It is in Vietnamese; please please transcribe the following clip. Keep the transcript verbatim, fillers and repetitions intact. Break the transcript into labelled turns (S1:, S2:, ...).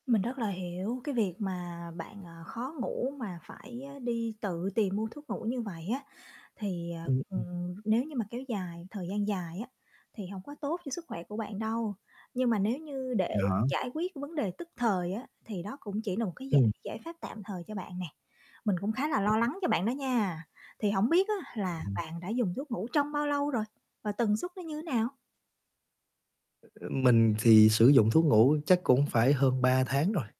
S1: Mình rất là hiểu cái việc mà bạn, ờ, khó ngủ mà phải á đi tự tìm mua thuốc ngủ như vậy á, thì, à,
S2: Ừm, ừm.
S1: ừm, nếu như mà kéo dài thời gian dài á thì hông có tốt cho sức khỏe của bạn đâu. Nhưng mà nếu như để
S2: Vậy hả?
S1: giải quyết cái vấn đề tức thời á, thì đó cũng chỉ là một cái giải
S2: Ừm.
S1: giải pháp tạm thời cho bạn nè. Mình cũng khá là lo lắng cho bạn đó nha. Thì hổng biết á là
S2: Ừm.
S1: bạn đã dùng thuốc ngủ trong bao lâu rồi và tần suất nó như thế nào?
S2: Ơ, mình thì sử dụng thuốc ngủ chắc cũng phải hơn ba tháng rồi.